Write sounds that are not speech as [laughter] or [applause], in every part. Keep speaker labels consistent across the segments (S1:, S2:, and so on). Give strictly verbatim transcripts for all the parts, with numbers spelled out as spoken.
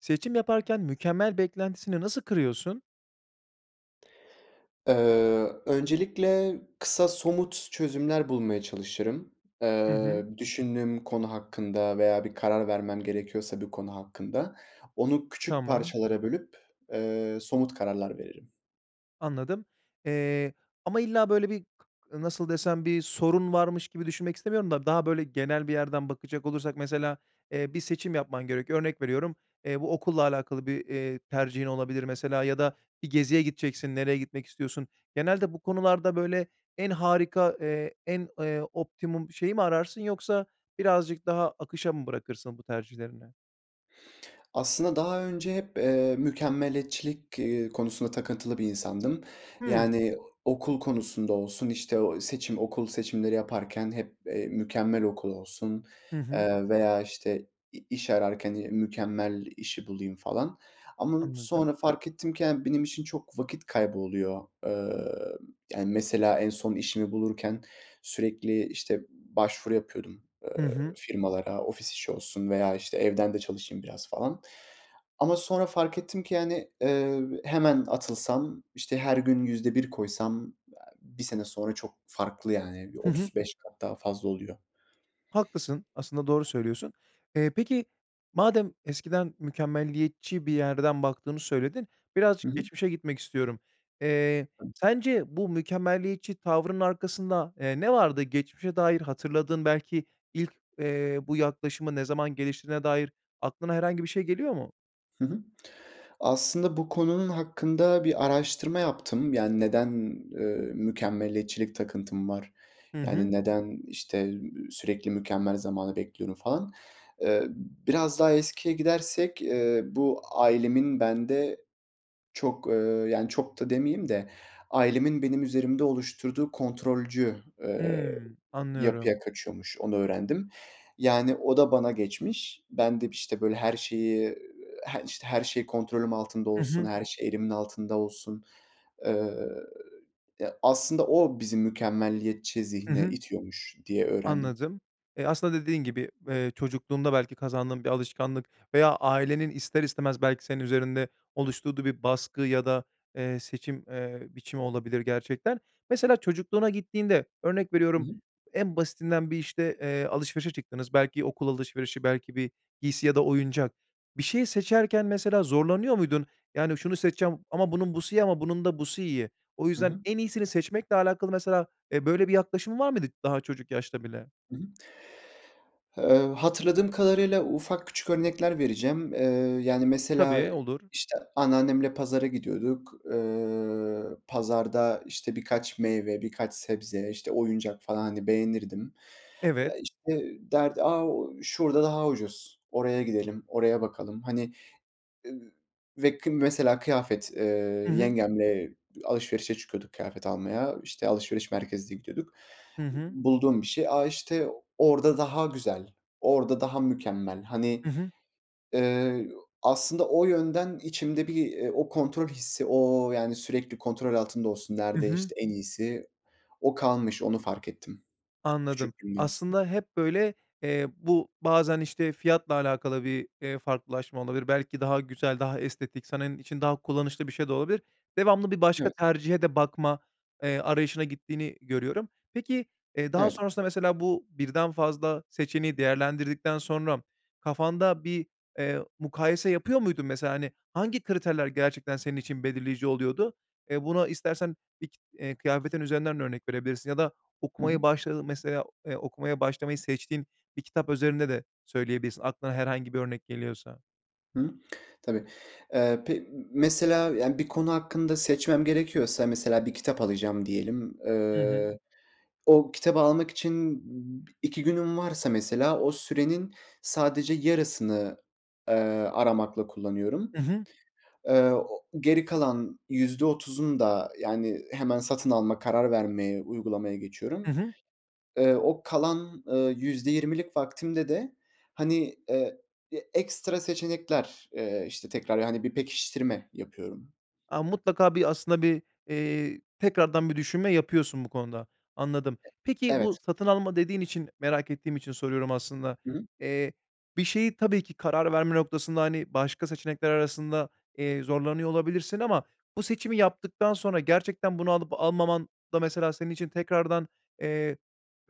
S1: Seçim yaparken "mükemmel" beklentisini nasıl kırıyorsun?
S2: Eee, öncelikle kısa somut çözümler bulmaya çalışırım.
S1: Hı
S2: Eee,
S1: hı.
S2: düşündüğüm konu hakkında veya bir karar vermem gerekiyorsa bir konu hakkında. Onu küçük
S1: Tamam.
S2: parçalara bölüp, eee, somut kararlar veririm.
S1: Anladım, eee, ama illa böyle bir kı nasıl desem, bir sorun varmış gibi düşünmek istemiyorum da daha böyle genel bir yerden bakacak olursak mesela, eee, bir seçim yapman gerekiyor. Örnek veriyorum, eee, bu okulla alakalı bir, eee, tercihin olabilir mesela ya da bir geziye gideceksin, nereye gitmek istiyorsun? Genelde bu konularda böyle en harika, eee, en, eee, optimum şeyi mi ararsın yoksa birazcık daha akışa mı bırakırsın bu tercihlerini?
S2: Aslında daha önce hep, eee, mükemmeliyetçilik, ııı, konusunda takıntılı bir insandım.
S1: Hıı.
S2: Yani, okul konusunda olsun, işte ooo, seçim, okul seçimleri yaparken hep, eee, mükemmel okul olsun,
S1: Hı hı.
S2: eee, veya işte i-iş ararken mükemmel işi bulayım falan. Ama
S1: Anladım.
S2: sonra fark ettim ki yani benim için çok vakit kaybı oluyor. Eee, yani, mesela en son işimi bulurken sürekli işte başvuru yapıyordum,
S1: Hı
S2: eee,
S1: hı.
S2: firmalara, ofis işi olsun veya işte evden de çalışayım biraz, falan. Ama sonra fark ettim ki, yani, eee, hemen atılsam, işte her gün yüzde bir koysam bir sene sonra çok farklı yani. Bir
S1: Hı hı.
S2: otuz beş kat daha fazla oluyor.
S1: Haklısın, aslında doğru söylüyorsun. Eee, peki, madem eskiden mükemmeliyetçi bir yerden baktığını söyledin,
S2: Hı
S1: birazcık
S2: hı.
S1: geçmişe gitmek istiyorum. Eee, sence bu mükemmeliyetçi tavrının arkasında, eee, ne vardı? Geçmişe dair hatırladığın belki ilk, eee, bu yaklaşımı ne zaman geliştirdiğine dair aklına herhangi bir şey geliyor mu?
S2: Hı hı, aslında bu konunun hakkında bir araştırma yaptım. Yani, neden, eee, mükemmeliyetçilik takıntım var,
S1: Hı
S2: yani,
S1: hı.
S2: neden işte, ııı, sürekli mükemmel zamanı bekliyorum falan. Eee, biraz daha eskiye gidersek, eee, bu ailemin bende çok, eee, yani, çok da demeyeyim de, ailemin benim üzerimde oluşturduğu kontrolcü, eee,
S1: Hıı, anlıyorum.
S2: yapıya kaçıyormuş, onu öğrendim. Yani, o da bana geçmiş. Ben de işte böyle her şeyi, he işte her şey kontrolüm altında
S1: Hı
S2: olsun,
S1: hı.
S2: her şey elimin altında olsun, eee, e, aslında o bizi mükemmeliyetçi
S1: Hı
S2: zihne
S1: hı.
S2: itiyormuş diye öğrendim.
S1: Anladım. E, aslında dediğin gibi, eee, çocukluğunda belki kazandığın bir alışkanlık veya ailenin ister istemez belki senin üzerinde oluşturduğu bir baskı ya da, eee, seçim, eee, biçimi olabilir gerçekten. Mesela çocukluğuna gittiğinde örnek
S2: Hı
S1: veriyorum,
S2: hı.
S1: en basitinden bir işte, eee, alışverişe çıktınız, belki okul alışverişi, belki bir giysi ya da oyuncak. Bir şeyi seçerken mesela zorlanıyor muydun? Yani, şunu seçeceğim ama bunun busu iyi ama bunun da busu iyi. O
S2: Hı
S1: yüzden
S2: hı.
S1: en iyisini seçmekle alakalı mesela, e, böyle bir yaklaşım var mıydı daha çocuk yaşta bile?
S2: Hı hı. Eee, hatırladığım kadarıyla ufak küçük örnekler vereceğim. Eee, yani, mesela
S1: Tabii, olur.
S2: işte anneannemle pazara gidiyorduk. Eee, pazarda işte birkaç meyve, birkaç sebze, işte oyuncak falan, hani, beğenirdim. Ya,
S1: Evet.
S2: işte derdi, a, şurada daha ucuz, oraya gidelim, oraya bakalım. Hani, e, ve kı mesela kıyafet, eee,
S1: Hı hı.
S2: yengemle alışverişe çıkıyorduk kıyafet almaya. İşte alışveriş merkezine gidiyorduk.
S1: Hı hı.
S2: Bulduğum bir şey. A, işte orada daha güzel, orada daha mükemmel. Hani,
S1: Hı hı.
S2: eee, aslında o yönden içimde bir o kontrol hissi, o, yani, sürekli kontrol altında olsun,
S1: Hı
S2: nerede
S1: hı.
S2: işte en iyisi, o kalmış, onu fark ettim
S1: Anladım.
S2: küçüklüğümden.
S1: Aslında hep böyle, eee, bu bazen işte fiyatla alakalı bir, eee, farklılaşma olabilir. Belki daha güzel, daha estetik senin için daha kullanışlı bir şey de olabilir. Devamlı bir başka
S2: Evet.
S1: tercihe de bakma, eee, arayışına gittiğini görüyorum. Peki, eee, daha
S2: Evet.
S1: sonrasında mesela bu birden fazla seçeneği değerlendirdikten sonra kafanda bir, eee, mukayese yapıyor muydun mesela? Hani, hangi kriterler gerçekten senin için belirleyici oluyordu? Eee, buna istersen [unintelligible] eee, kıyafetin üzerinden de örnek verebilirsin ya da
S2: Hı hı.
S1: okumayı başladın mesela, eee, okumaya başlamayı seçtiğin bir kitap üzerinde de söyleyebilirsin aklına herhangi bir örnek geliyorsa.
S2: Hıı. Tabii. Eee, pe mesela yani, bir konu hakkında seçmem gerekiyorsa mesela bir kitap alacağım diyelim.
S1: Hı hı.
S2: Eee, o kitabı almak için iki günüm varsa mesela, o sürenin sadece yarısını, eee, aramakla kullanıyorum.
S1: I hı.
S2: Eee, o geri kalan yüzde otuzunu da, yani, hemen satın alma, karar vermeye, uygulamaya
S1: I
S2: geçiyorum.
S1: hı.
S2: Eee, o kalan, eee, yüzde yirmilik vaktimde de, hani, eee, e ekstra seçenekler, eee, işte, tekrar, yani bir pekiştirme yapıyorum.
S1: A, mutlaka bir aslında bir, eee, tekrardan bir düşünme yapıyorsun bu konuda. Anladım.
S2: E
S1: Peki, bu
S2: evet.
S1: "satın alma" dediğin için, merak ettiğim için soruyorum aslında.
S2: Hı hı.
S1: Eee, bir şeyi tabii ki karar verme noktasında, hani, başka seçenekler arasında, eee, zorlanıyor olabilirsin ama bu seçimi yaptıktan sonra gerçekten bunu alıp almaman da mesela senin için tekrardan, eee,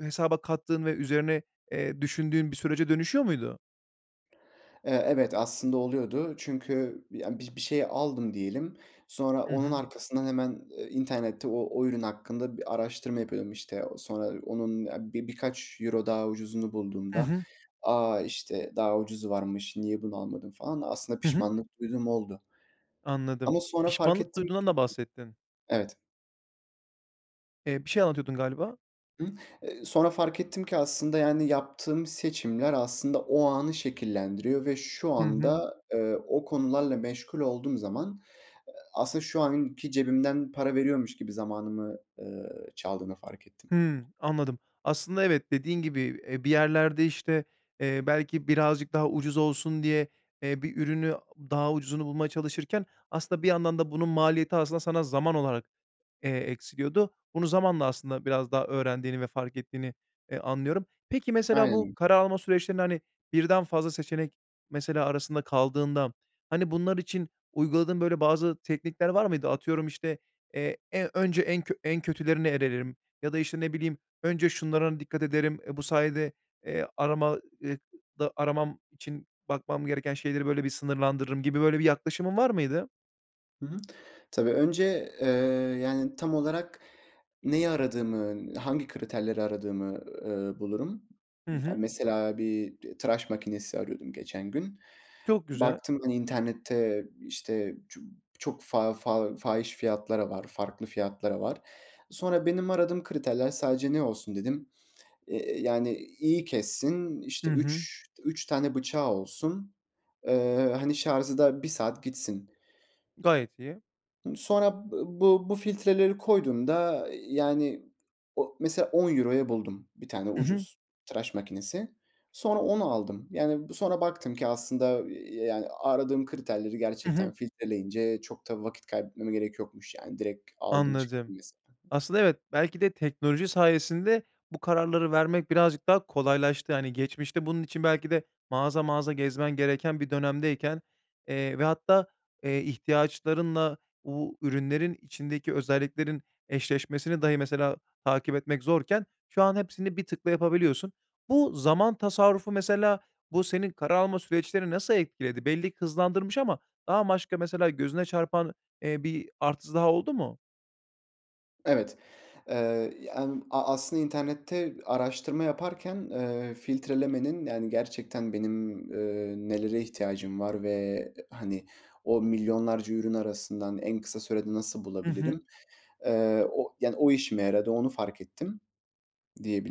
S1: hesaba kattığın ve üzerine, eee, düşündüğün bir sürece dönüşüyor muydu?
S2: Eee, evet, aslında oluyordu. Çünkü bi ya, bi bir şeyi aldım diyelim. Sonra
S1: Hı
S2: onun
S1: hı.
S2: arkasından hemen, eee, internette o o ürün hakkında bir araştırma yapıyorum işte. Sonra onun a bi birkaç euro daha ucuzunu
S1: Hı
S2: bulduğumda
S1: hı.
S2: "A, işte daha ucuzu varmış, niye bunu almadın?" falan da aslında
S1: Hı hı.
S2: pişmanlık duyduğum oldu
S1: Anladım.
S2: ama sonra fark
S1: Pişmanlık
S2: ettim
S1: duyduğundan da
S2: ki
S1: bahsettin.
S2: evet.
S1: Eee, bir şey anlatıyordun galiba.
S2: Imm, eee, sonra fark ettim ki aslında, yani, yaptığım seçimler aslında o anı şekillendiriyor ve şu
S1: Hı hı.
S2: anda, eee, o konularla meşgul olduğum zaman aslında şu anki cebimden para veriyormuş gibi zamanımı, eee, çaldığını fark ettim.
S1: Hımm, anladım. Aslında evet, dediğin gibi, eee, bir yerlerde, işte, eee, belki birazcık daha ucuz olsun diye, eee, bir ürünü daha ucuzunu bulmaya çalışırken aslında bir yandan da bunun maliyeti aslında sana zaman olarak, eee, eksiliyordu. Bunu zamanla aslında biraz daha öğrendiğini ve fark ettiğini, eee, anlıyorum. Peki, mesela bu
S2: Aynen.
S1: karar alma süreçlerinde, hani, birden fazla seçenek mesela arasında kaldığında, hani, bunlar için uyguladığın böyle bazı teknikler var mıydı? Atıyorum, işte, eee, eee, önce en kö en kötülerine elerim ya da, işte, ne bileyim, önce şunlara dikkat ederim, eee, bu sayede, eee, arama ııı, da aramam için bakmam gereken şeyleri, böyle, bir sınırlandırırım gibi, böyle, bir yaklaşımın var mıydı?
S2: Hı hı. Tabii, önce, eee, yani, tam olarak neyi aradığımın, hangi kriterleri aradığımı, ııı, bulurum.
S1: Hı
S2: Ya,
S1: hı.
S2: mesela bir t tıraş makinesi arıyordum geçen gün.
S1: Çok güzel.
S2: Baktım ben internette, işte, ço çok fa fa fahiş fiyatlara var, farklı fiyatlara var. Sonra, "Benim aradığım kriterler sadece ne olsun?" dedim. Eee, yani, iyi kessin, işte,
S1: Hı hı.
S2: üç üç tane bıçağı olsun. Eee, hani, şarzı da bir saat gitsin.
S1: Gayet iyi.
S2: Sonra b bu bu filtreleri koyduğumda, iii, yani, o mesela on euro'ya buldum bir tane,
S1: Hı hı.
S2: ucuz tıraş makinesi. Sonra onu aldım. Yani, bu sonra baktım ki aslında, iii, eee, yani, aradığım kriterleri
S1: Hı
S2: gerçekten
S1: hı.
S2: filtreleyince çok da vakit kaybetmeme gerek yokmuş. Yani, direkt aldım çıktım
S1: Anladım.
S2: mesela.
S1: Aslında evet, belki de teknoloji sayesinde bu kararları vermek birazcık daha kolaylaştı. Hani, geçmişte bunun için belki de mağaza mağaza gezmen gereken bir dönemdeyken, eee, ve hatta, eee, ihtiyaçlarınla u ürünlerin içindeki özelliklerin eşleşmesini dahi mesela takip etmek zorken şu an hepsini bir tıkla yapabiliyorsun. Bu zaman tasarrufu, mesela, bu senin karar alma süreçlerini nasıl etkiledi? Belli ki hızlandırmış ama daha maşka mesela gözüne çarpan, eee, bir artısı daha oldu mu?
S2: Evet, ııı, yani, a aslında internette araştırma yaparken, ııı, filtrelemenin, yani, gerçekten benim, ııı, nelere ihtiyacım var ve, hani, o milyonlarca ürün arasından en kısa sürede nasıl
S1: Hı hı.
S2: bulabilirim, eee, o yani, o işime yaradı, onu fark ettim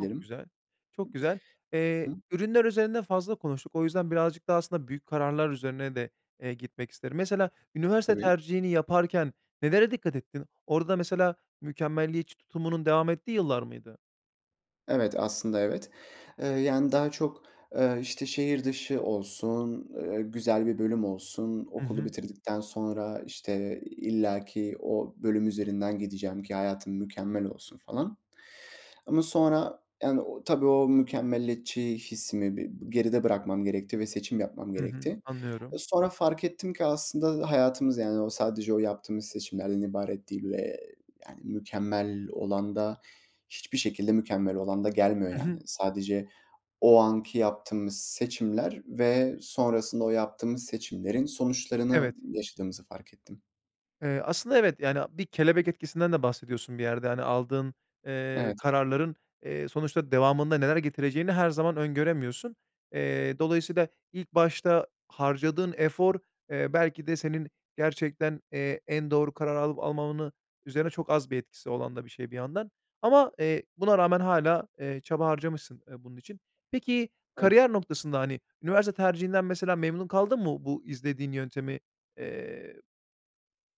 S1: Çok güzel, çok güzel. Eee,
S2: [unintelligible]
S1: ürünler üzerinde fazla konuştuk. O yüzden birazcık daha, aslında, büyük kararlar üzerine de, eee, gitmek isterim. Mesela, üniversite
S2: Tabii.
S1: tercihini yaparken nelere dikkat ettin? Orada, mesela, mükemmeliyetçi tutumunun devam ettiği yıllar mıydı?
S2: Evet. Aslında, evet. Iıı, yani, daha çok, ııı, işte şehir dışı olsun, ııı, güzel bir bölüm olsun,
S1: Hı
S2: okulu
S1: hı.
S2: bitirdikten sonra işte illaki o bölüm üzerinden gideceğim ki hayatım mükemmel olsun falan. Ama sonra, yani, o tabii o mükemmeliyetçi hissimi bi geride bırakmam gerekti ve seçim yapmam
S1: Hı hı.
S2: gerekti.
S1: Anlıyorum.
S2: Sonra fark ettim ki aslında hayatımız, yani, o sadece o yaptığımız seçimlerden ibaret değil ve yani, mükemmel olan da hiçbir şekilde mükemmel olan da gelmiyor,
S1: Hı
S2: yani.
S1: hı.
S2: Sadece o anki yaptığımız seçimler ve sonrasında o yaptığımız seçimlerin sonuçlarını
S1: Evet.
S2: yaşadığımızı fark ettim.
S1: Eee, aslında, evet, yani, bir kelebek etkisinden de bahsediyorsun bir yerde, hani, aldığın, eee,
S2: Evet.
S1: kararların, eee, sonuçta devamında neler getireceğini her zaman öngöremiyorsun. Eee, dolayısıyla ilk başta harcadığın efor, eee, belki de senin gerçekten, eee, en doğru karar alıp almamanın üzerine çok az bir etkisi olan da bir şey bir yandan. Ama, eee, buna rağmen hâlâ, eee, çaba harcamışsın, eee, bunun için. Peki,
S2: Evet.
S1: kariyer noktasında, hani, üniversite tercihinden, mesela, memnun kaldın mı, bu izlediğin yöntemi, eee,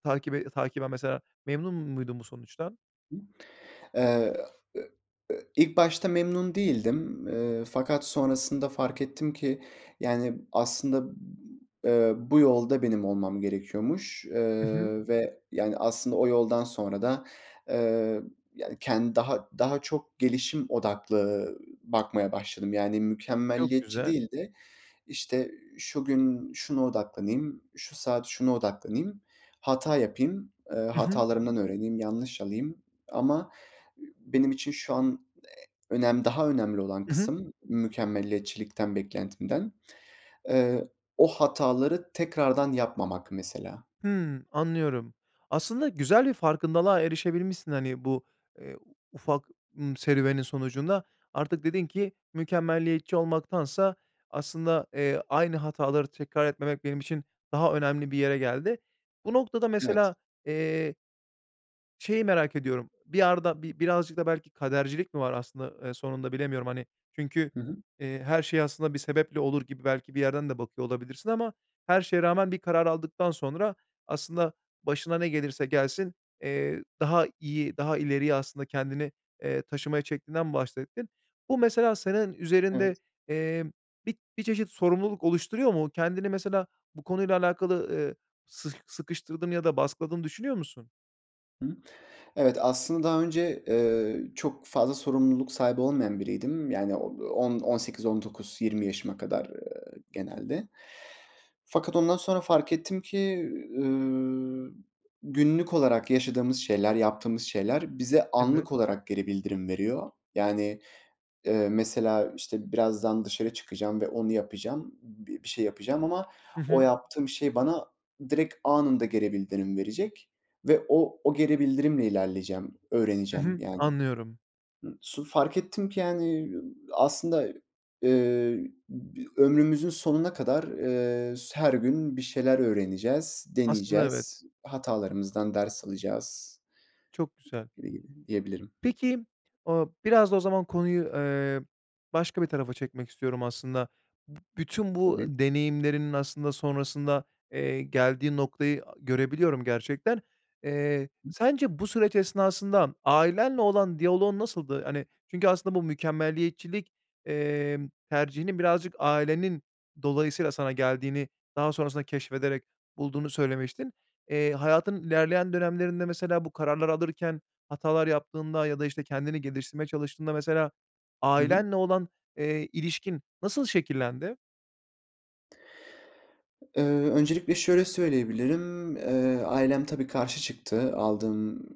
S1: takibe takiben, mesela, memnun muydun bu sonuçtan?
S2: [unintelligible] Eee, ı ı ilk başta memnun değildim. Iıı, fakat sonrasında fark ettim ki, yani, aslında, ııı, bu yolda benim olmam gerekiyormuş,
S1: Hı hı.
S2: ııı, ve, yani, aslında o yoldan sonra da, ııı, yani, kendi daha daha çok gelişim odaklı bakmaya başladım. Yani,
S1: Çok
S2: mükemmeliyetçi
S1: güzel.
S2: değil de işte şu gün şuna odaklanayım, şu saat şuna odaklanayım, hata yapayım, ııı,
S1: Hı hı.
S2: hatalarımdan öğreneyim, yanlış alayım. Ama benim için şu an e önem, daha önemli olan
S1: Hı hı.
S2: kısım mükemmeliyetçilikten beklentimden. Eee, o hataları tekrardan yapmamak mesela.
S1: Hımm. Anlıyorum. Aslında güzel bir farkındalığa erişebilmişsin, hani, bu, eee, ufak, ımm, serüvenin sonucunda. Artık dedin ki mükemmeliyetçi olmaktansa aslında, eee, aynı hataları tekrar etmemek benim için daha önemli bir yere geldi. Bu noktada
S2: Evet.
S1: mesela, eee şeyi merak ediyorum, bir yarda bi birazcık da belki kadercilik mi var aslında, ııı, sonunda bilemiyorum, hani, çünkü,
S2: Hı hı.
S1: eee, her şey aslında bir sebeple olur gibi belki bir yerden de bakıyor olabilirsin ama her şeye rağmen bir karar aldıktan sonra aslında başına ne gelirse gelsin, eee, daha iyi daha daha ileriye aslında kendini, eee, taşımaya çektiğinden bahsettin. Bu mesela senin
S2: Evet.
S1: üzerinde, eee, bir bir çeşit sorumluluk oluşturuyor mu? Kendini mesela bu konuyla alakalı, eee, sıh sıkıştırdığını ya da baskıladığını düşünüyor musun?
S2: Hı hı. Evet, aslında, daha önce, eee, çok fazla sorumluluk sahibi olmayan biriydim. Yani, o on on sekiz, on dokuz, yirmi yaşıma kadar, eee, genelde. Fakat ondan sonra fark ettim ki, üüü, günlük olarak yaşadığımız şeyler, yaptığımız şeyler bize
S1: Evet.
S2: anlık olarak geri bildirim veriyor. Yani, eee, mesela, işte birazdan dışarı çıkacağım ve onu yapacağım, b bir şey yapacağım ama
S1: Hı
S2: o
S1: hı.
S2: yaptığım şey bana direkt anında geri bildirim verecek ve o o geri bildirimle ilerleyeceğim,
S1: Hı
S2: öğreneceğim
S1: hı.
S2: yani.
S1: Anlıyorum.
S2: Im su fark ettim ki, yani, aslında, eee, bi ömrümüzün sonuna kadar, eee, s her gün bir şeyler öğreneceğiz,
S1: Aslında evet!
S2: deneyeceğiz, hatalarımızdan ders alacağız
S1: Çok güzel!
S2: [unintelligible] diyebilirim.
S1: Peki, ooo, biraz da o zaman konuyu, eee, başka bir tarafa çekmek istiyorum, aslında. B bütün bu
S2: Tabii.
S1: deneyimlerinin, aslında, sonrasında, eee, geldiği noktayı görebiliyorum gerçekten. Eee,
S2: [unintelligible]
S1: sence bu süreç esnasından ailenle olan diyaloğun nasıldı? Hani, çünkü, aslında, bu mükemmeliyetçilik, emm, tercihinin birazcık ailenin dolayısıyla sana geldiğini daha sonrasında keşfederek bulduğunu söylemiştin. Eee, hayatın ilerleyen dönemlerinde, mesela, bu kararları alırken hatalar yaptığında ya da işte kendini geliştirmeye çalıştığında, mesela,
S2: Hı hı.
S1: ailenle olan, eee, ilişkin nasıl şekillendi?
S2: Eee, öncelikle şöyle söyleyebilirim, eee, ailem tabii karşı çıktı. Aldığım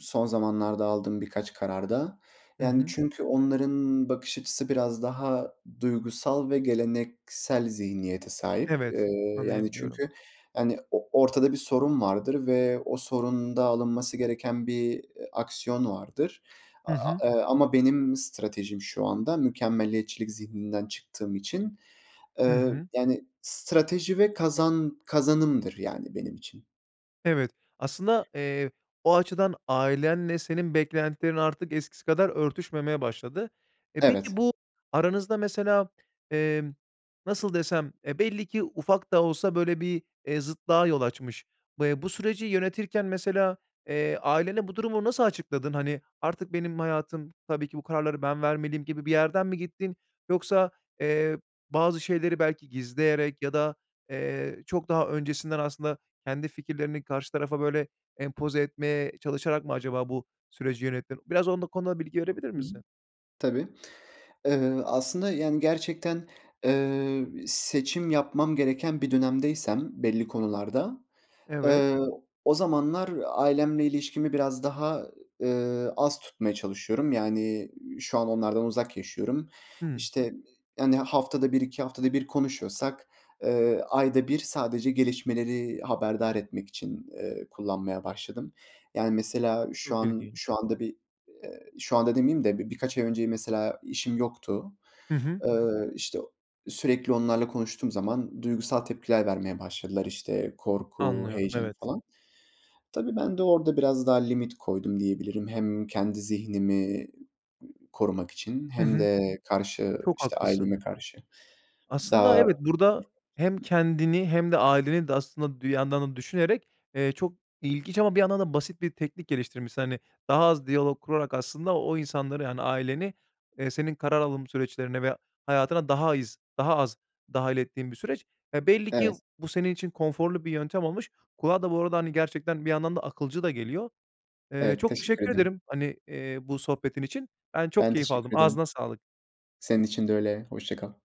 S2: son zamanlarda aldığım birkaç kararda.
S1: Hı
S2: Yani,
S1: hı.
S2: çünkü onların bakış açısı biraz daha duygusal ve geleneksel zihniyete sahip. Eee,
S1: Evet,
S2: yani,
S1: anlayabiliyorum.
S2: çünkü, hani, o ortada bir sorun vardır ve o sorunda alınması gereken bir, eee, aksiyon vardır. A
S1: Hı hı.
S2: a eee, ama benim stratejim şu anda mükemmeliyetçilik zihninden çıktığım için,
S1: Hı
S2: eee,
S1: hı.
S2: yani, strateji ve kazan kazanımdır, yani, benim için.
S1: Evet, aslında, eee, o açıdan ailenle senin beklentilerin artık eskisi kadar örtüşmemeye başladı. E, peki
S2: Evet.
S1: bu aranızda mesela, emm, nasıl desem? Eee, belli ki ufak da olsa, böyle, bir, eee, zıtlığa yol açmış. B eee, bu süreci yönetirken mesela, eee, ailene bu durumu nasıl açıkladın? Hani, "artık benim hayatım tabii ki, bu kararları ben vermeliyim" gibi bir yerden mi gittin yoksa, eee, bazı şeyleri belki gizleyerek ya da, eee, çok daha öncesinden aslında kendi fikirlerini karşı tarafa, böyle, empoze etmeye çalışarak mı acaba bu süreci yönettin? Biraz onu da konuda bilgi verebilir
S2: Hı hı,
S1: misin?
S2: tabii. Iıı, aslında, yani, gerçekten, eee, b seçim yapmam gereken bir dönemdeysem belli konularda,
S1: Evet.
S2: eee, o zamanlar ailemle ilişkimi biraz daha, eee, az tutmaya çalışıyorum. Yani, şu an onlardan uzak yaşıyorum.
S1: Hıı.
S2: İşte, hani, haftada bir iki haftada bir konuşuyorsak, eee, ayda bir sadece gelişmeleri haberdar etmek için, eee, kullanmaya başladım. Yani, mesela şu
S1: Çok
S2: an
S1: ilginç.
S2: şu anda bir, eee, şu anda demeyeyim de bi birkaç ay önceyi mesela işim yoktu.
S1: Hı hı.
S2: Iıı, işte, sürekli onlarla konuştuğum zaman duygusal tepkiler vermeye başladılar. İşte, korku,
S1: Anlıyorum.
S2: heyecan
S1: Evet.
S2: falan. Tabii, ben de orada biraz daha limit koydum diyebilirim. Hem kendi zihnimi korumak için
S1: Hı
S2: hem
S1: hı.
S2: de karşı,
S1: Çok
S2: işte,
S1: haklısın.
S2: aileme karşı. Daha,
S1: Aslında evet, burada hem
S2: [unintelligible]
S1: kendini hem de aileni de aslında dir yandan da düşünerek, eee, çok ilginç ama bir yandan da basit bir teknik geliştirmişsin. Hani, daha az diyalog kurarak aslında o insanları, yani, aileni, eee, senin karar alım süreçlerine ve hayatına daha iz daha az dâhil ettiğin bir süreç. Eee, belli ki
S2: Evet.
S1: bu senin için konforlu bir yöntem olmuş. Kulağa da bu arada, hani, gerçekten bir yandan da akılcı da geliyor. Eee,
S2: Evet,
S1: çok
S2: teşekkür
S1: teşekkür
S2: ederim.
S1: ederim, hani, eee, bu sohbetin için. Ben çok
S2: Ben
S1: keyif aldım,
S2: teşekkür ederim.
S1: ağzına sağlık.
S2: Senin için de öyle hoşça kal.